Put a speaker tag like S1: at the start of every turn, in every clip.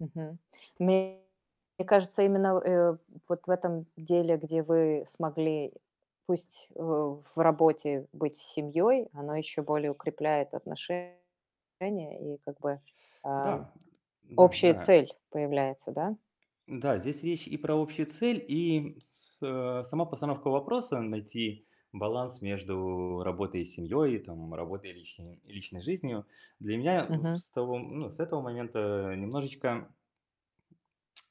S1: Мгм. Мне кажется, именно в э, вот этом деле, где вы смогли, пусть, э, в работе, быть с семьей, оно ещё более укрепляет отношения, и как бы, а,
S2: Да,
S1: общая
S2: да-да.
S1: цель появляется, да.
S2: Да, здесь речь и про общую цель, и с а, сама постановка вопроса: найти баланс между работой и семьей, и там работой и личной и личной жизнью. Для меня в
S1: Мгм.
S2: с того ну, с этого момента, э, немножечко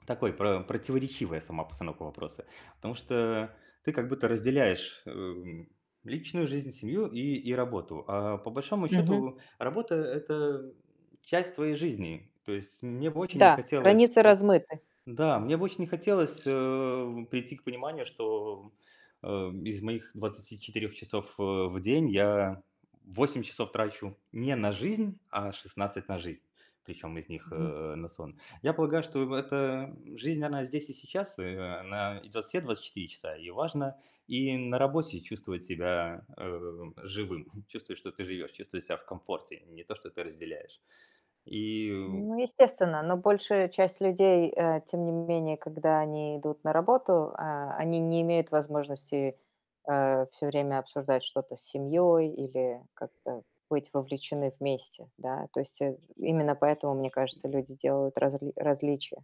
S2: такой про противоречивая сама постановка вопроса. Потому что ты как будто разделяешь, э, м, личную жизнь, семью и и работу. А по большому
S1: Мгм.
S2: счёту работа- это часть твоей жизни. То есть мне бы очень не
S1: Да,
S2: хотелось
S1: границы
S2: п
S1: размыты.
S2: Да, мне бы очень не хотелось, э, прийти к пониманию, что, э, из моих 24 часов, э, в день я 8 часов трачу не на жизнь, а 16 - на жизнь, причём из них,
S1: Мгм.
S2: э, на сон. Я полагаю, что в эта жизнь- она здесь и сейчас. И она идёт все 24 часа, и важно и на работе чувствовать себя, э, живым, чувствовать, что ты живёшь, чувствовать себя в комфорте, не то, что ты разделяешь. И, э
S1: Ну естественно, но большая часть людей, э, тем не менее, когда они идут на работу, а, они не имеют возможности, э, всё время обсуждать что-то с семьей или как-то быть вовлечены вместе, да. То есть, э, именно поэтому, мне
S2: М
S1: кажется, люди делают разли различия.